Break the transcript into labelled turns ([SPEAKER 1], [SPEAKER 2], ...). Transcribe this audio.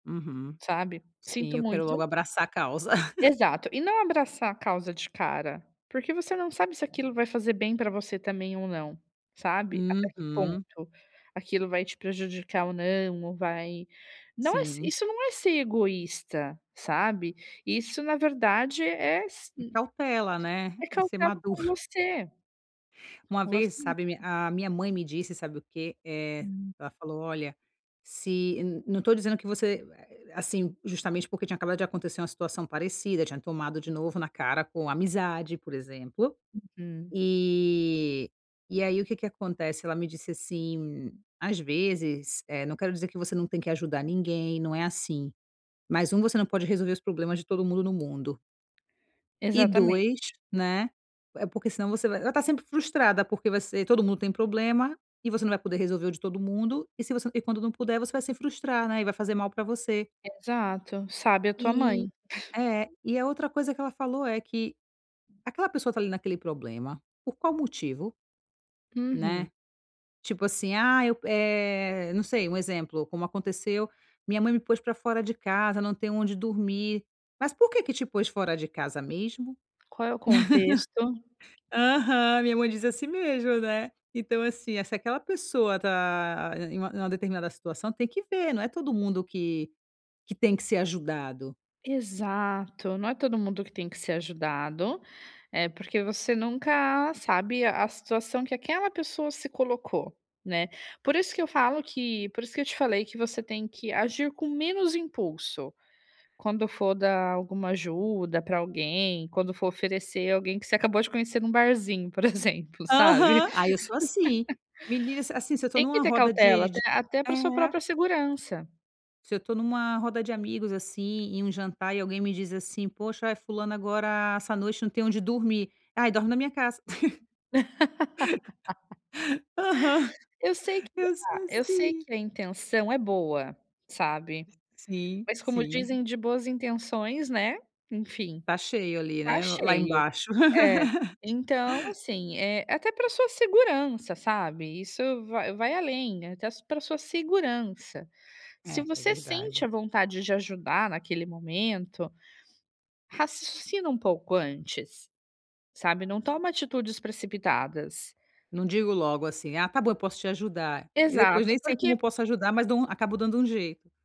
[SPEAKER 1] Uhum.
[SPEAKER 2] Sabe.
[SPEAKER 1] Sim,
[SPEAKER 2] Sinto
[SPEAKER 1] eu quero
[SPEAKER 2] muito.
[SPEAKER 1] logo abraçar a causa.
[SPEAKER 2] Exato. E não abraçar a causa de cara, porque você não sabe se aquilo vai fazer bem pra você também ou não, sabe. Até que
[SPEAKER 1] Uhum.
[SPEAKER 2] ponto aquilo vai te prejudicar ou não, ou vai não é s
[SPEAKER 1] Sim.
[SPEAKER 2] isso, não é ser egoísta, sabe. Isso, na verdade, é s
[SPEAKER 1] E
[SPEAKER 2] hum
[SPEAKER 1] cautela, né.
[SPEAKER 2] É
[SPEAKER 1] É ser
[SPEAKER 2] cautela
[SPEAKER 1] maduro.
[SPEAKER 2] com você.
[SPEAKER 1] Uma
[SPEAKER 2] Com você
[SPEAKER 1] vez, sabe, a mi
[SPEAKER 2] mesma.
[SPEAKER 1] a minha mãe me disse, sabe o quê? Eh,
[SPEAKER 2] Hum.
[SPEAKER 1] ela falou: "Olha, se" N não estou dizendo que você assim, justamente porque tinha acabado de acontecer uma situação parecida, tinha tomado de novo na cara com amizade, por exemplo.
[SPEAKER 2] Uhum.
[SPEAKER 1] E e aí, o que que acontece, ela me disse assim: "Às vezes eh, não quero dizer que você não tem que ajudar ninguém, não é assim. Mas 1: você não pode resolver os problemas de todo mundo no mundo." "E 2,
[SPEAKER 2] Exatamente.
[SPEAKER 1] né: é porque, senão, você vai Ela está sempre frustrada, porque você todo mundo tem problema e você não vai poder resolver o de todo mundo, e, se você e quando não puder, você vai se frustrar, né, e vai fazer mal pra você".
[SPEAKER 2] Exato. Sábia a tua mãe.
[SPEAKER 1] E É. E a outra coisa que ela falou é que: "Aquela pessoa está ali naquele problema por qual motivo?"
[SPEAKER 2] Uhum.
[SPEAKER 1] Né? Tipo assim: "Ah" eh, eu não sei, um exemplo, como aconteceu: "'Minha mãe me pôs pra fora de casa, não tenho onde dormir'. Mas por que que te pôs fora de casa mesmo?"
[SPEAKER 2] Qual é o contexto?
[SPEAKER 1] Aham, minha mãe diz assim mesmo, né. Então assim, se aquela pessoa está em uma em uma determinada situação tem que ver, não é todo mundo que que tem que ser ajudado.
[SPEAKER 2] Exato! Não é todo mundo que tem que ser ajudado, eh, porque você nunca sabe a situação que aquela pessoa se colocou, né. Por isso que eu falo que por isso que eu te falei que você tem que agir com menos impulso. Quando for dar alguma ajuda pra alguém, quando for oferecer alguém que você acabou de conhecer num barzinho, por exemplo, sabe?
[SPEAKER 1] Aham. Aí eu sou assim. Menina, assim se eu estou
[SPEAKER 2] Tem que
[SPEAKER 1] numa
[SPEAKER 2] ter
[SPEAKER 1] roda
[SPEAKER 2] cautela,
[SPEAKER 1] de
[SPEAKER 2] até
[SPEAKER 1] de
[SPEAKER 2] até pra sua
[SPEAKER 1] É.
[SPEAKER 2] própria segurança.
[SPEAKER 1] Se eu estou numa roda de amigos, assim, em um jantar, e alguém me diz, assim: "Poxa, eh, fulana, agora, essa noite, não tem onde dormir". "Aí, dorme na minha casa". Aham.
[SPEAKER 2] Eu sei que
[SPEAKER 1] Eu sou
[SPEAKER 2] a eu sei
[SPEAKER 1] assim.
[SPEAKER 2] que a intenção é boa, sabe.
[SPEAKER 1] Sim,
[SPEAKER 2] Mas como
[SPEAKER 1] sim.
[SPEAKER 2] dizem, de boas intenções, né? Enfim.
[SPEAKER 1] Está cheio ali,
[SPEAKER 2] Está
[SPEAKER 1] né, l lá
[SPEAKER 2] cheio.
[SPEAKER 1] embaixo.
[SPEAKER 2] É, então assim, eh, até pra sua segurança, sabe? Isso vai vai além, até pra sua segurança. Se
[SPEAKER 1] É, é
[SPEAKER 2] você sente
[SPEAKER 1] verdade.
[SPEAKER 2] a vontade de ajudar naquele momento, raciocina um pouco antes, sabe. Não toma atitudes precipitadas.
[SPEAKER 1] Não digo logo assim: "Ah, tá bom, eu posso te ajudar". E depois
[SPEAKER 2] Exato,
[SPEAKER 1] nem sei
[SPEAKER 2] porque
[SPEAKER 1] como posso ajudar, mas dou um acabo dando um jeito.